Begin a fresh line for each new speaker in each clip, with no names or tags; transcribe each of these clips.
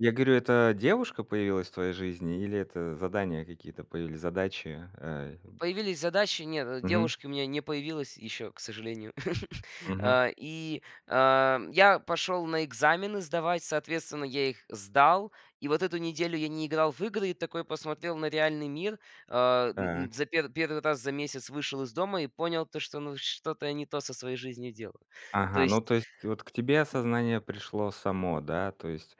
Я говорю, это девушка появилась в твоей жизни или это задания какие-то появились, задачи, э, вот?
Появились задачи. Нет, э,
Мгм.
девушки у меня не появилось ещё, к сожалению.
Мгм.
А и, а, я пошёл на экзамены сдавать, соответственно, я их сдал. И вот эту неделю я не играл в игры и такой посмотрел на реальный мир. Э, н на
Так.
за пер первый раз за месяц вышел из дома и понял, то что, ну, что-то я не то со своей жизнью делаю. То
Ага, ну,
есть
то есть вот к тебе осознание пришло само, да? То есть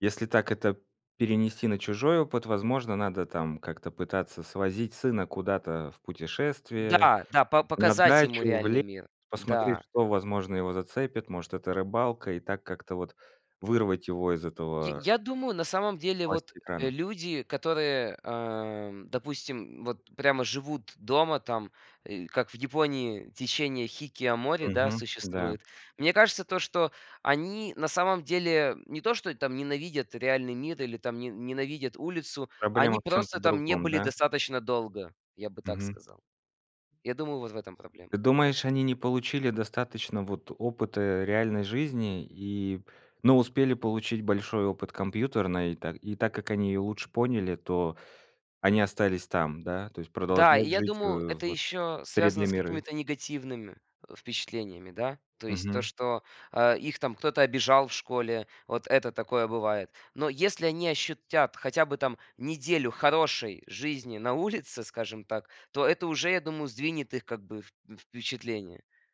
если так это перенести на чужой опыт, возможно, надо там как-то пытаться свозить сына куда-то в путешествие,
Да да, по
на
показать ему
дачу, в
реальный
лес,
мир.
посмотреть,
Да.
что, возможно, его зацепит, может, это рыбалка, и так как-то вот вырвать его из
Я
этого
я думаю, на самом
из
деле вот,
власти
э,
экрана.
люди, которые, э, допустим, вот прямо живут дома там, э, как в Японии течение хикикомори, да,
Мгм. Да.
существует. Мне кажется то, что они на самом деле не то, что там ненавидят реальный мир или там не ненавидят улицу,
Проблема
они
в чём-то
просто там не
другом,
были
да?
достаточно долго, я бы так
Мгм.
сказал. Я думаю, вот в этом проблема.
Ты думаешь, они не получили достаточно, вот, опыта реальной жизни и но успели получить большой опыт компьютерной, и та и так как они её лучше поняли, то они остались там, да, то есть
Да, и
продолжать
я
жить, э,
думаю, это
вот,
ещё
придли
связано с
миры.
какими-то негативными впечатлениями, да, то есть то,
Мгм.
что, а, их там кто-то обижал в школе, вот это такое бывает, но если они ощутят хотя бы там неделю хорошей жизни на улице, скажем так, то это уже, я думаю, сдвинет их как бы вп впечатление.